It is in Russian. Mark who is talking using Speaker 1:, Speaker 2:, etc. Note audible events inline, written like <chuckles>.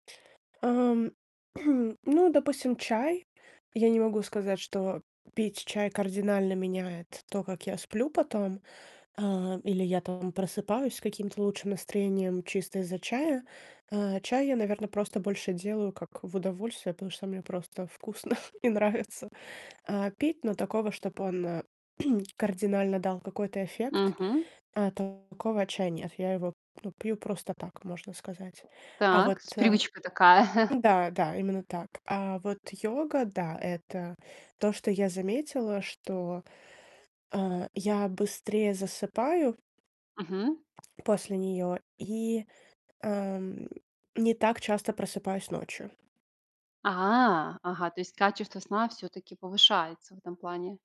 Speaker 1: Ам, <clears throat> ну, допустим, чай. Я не могу сказать, что пить чай кардинально меняет то, как я сплю потом. А, или я там просыпаюсь с каким-то лучшим настроением чисто из-за чая. А, чай я, наверно, просто больше делаю как в удовольствие. Потому что мне просто вкусно <chuckles> и нравится, а, пить, но такого, чтоб он, э <clears throat> кардинально дал какой-то эффект,
Speaker 2: Мгм.
Speaker 1: а, такого чая нет. Я его ну, пью просто так, можно сказать. А вот,
Speaker 2: Так, с
Speaker 1: э
Speaker 2: привычка такая. <chuckles>
Speaker 1: н-да, да, именно так. А вот йога, да- это то, что я заметила, что, а, я быстрее засыпаю
Speaker 2: Мгм.
Speaker 1: после неё, и, эм, не так часто просыпаюсь ночью.
Speaker 2: А, ага, то есть качество сна всё-таки повышается в этом плане.